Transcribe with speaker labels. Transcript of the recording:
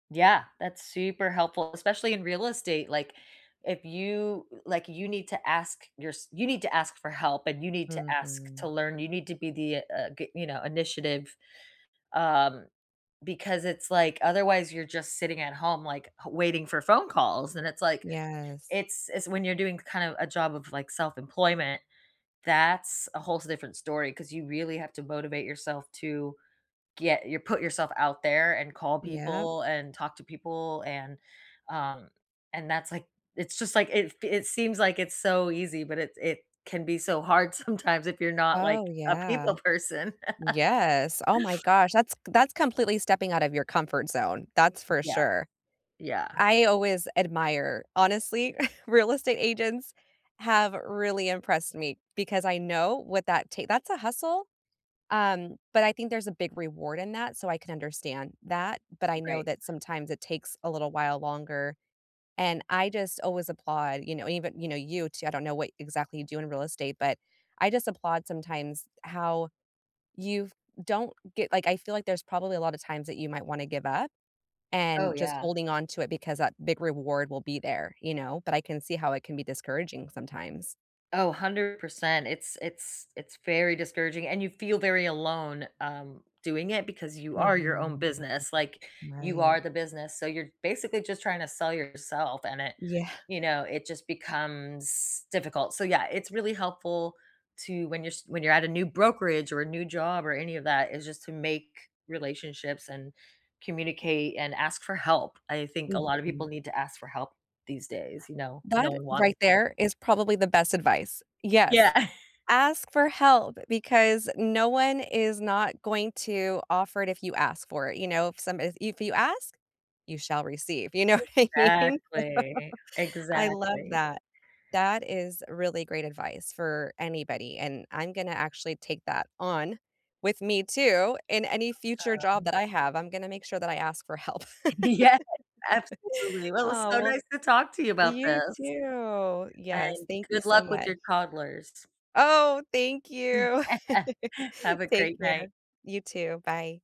Speaker 1: Yeah, that's super helpful, especially in real estate. Like, if you like, you need to ask yours you need to ask for help, and you need to ask to
Speaker 2: Mhm.
Speaker 1: learn. You need to be the uh, you know, initiative, um, because it's like otherwise you're just sitting at home like waiting for phone calls. And it's like,
Speaker 2: Yes.
Speaker 1: it's it's when you're doing kind of a job of like self-employment. That's a whole different story 'cause you really have to motivate yourself to get your put yourself out there and call
Speaker 2: Yep.
Speaker 1: people and talk to people and um, and that's like it's just like it it seems like it's so easy, but it it can be so hard sometimes if you're not like
Speaker 2: Oh,
Speaker 1: a
Speaker 2: yeah.
Speaker 1: people person.
Speaker 2: Yes. Oh my gosh. That's that's completely stepping out of your comfort zone. That's for
Speaker 1: Yeah.
Speaker 2: sure.
Speaker 1: Yeah.
Speaker 2: I always admire. Honestly, real estate agents have really impressed me because I know what that take that's a hustle, um, but I think there's a big reward in that, so I can understand that. But I know
Speaker 1: Right.
Speaker 2: that sometimes it takes a little while longer. And I just always applaud, you know, even you know, you t I don't know what exactly you do in real estate, but I just applaud sometimes how you don't get like, I feel like there's probably a lot of times that you might wanna give up
Speaker 1: Oh,
Speaker 2: and just
Speaker 1: yeah.
Speaker 2: holding on to it because that big reward will be there, you know? But I can see how it can be discouraging sometimes.
Speaker 1: Oh, 100%. It's it's it's very discouraging, and you feel very alone, um, doing it because you are your own
Speaker 2: Mhm.
Speaker 1: business, like you
Speaker 2: Right.
Speaker 1: are the business. So, you're basically just trying to sell yourself, and it
Speaker 2: Yeah.
Speaker 1: you know, it just becomes difficult. So, yeah, it's really helpful to when you're s when you're at a new brokerage or a new job or any of that is just to make relationships and communicate and ask for help. I think a lot of
Speaker 2: Mhm.
Speaker 1: people need to ask for help these days. You know,
Speaker 2: That
Speaker 1: no one wants
Speaker 2: right
Speaker 1: to.
Speaker 2: there, is probably the best advice. Yes.
Speaker 1: Yeah.
Speaker 2: Ask for help because no one is not going to offer it if you ask for it, you know, some if you ask, you shall receive. You know what I mean?
Speaker 1: Exactly.
Speaker 2: I love
Speaker 1: Exactly.
Speaker 2: that. That is really great advice for anybody, and I'm gonna actually take that on with me too in any future job
Speaker 1: Awesome.
Speaker 2: that I have. I'm gonna make sure that I ask for help.
Speaker 1: Yeah. Absolutely. Well, it was
Speaker 2: Oh,
Speaker 1: so
Speaker 2: well
Speaker 1: nice to talk to you about
Speaker 2: you
Speaker 1: this.
Speaker 2: too. Yes,
Speaker 1: And
Speaker 2: thank you
Speaker 1: good
Speaker 2: so
Speaker 1: luck with
Speaker 2: much.
Speaker 1: your toddlers.
Speaker 2: Oh! Thank you.
Speaker 1: Have a
Speaker 2: Take
Speaker 1: great night.
Speaker 2: care. You too. Bye.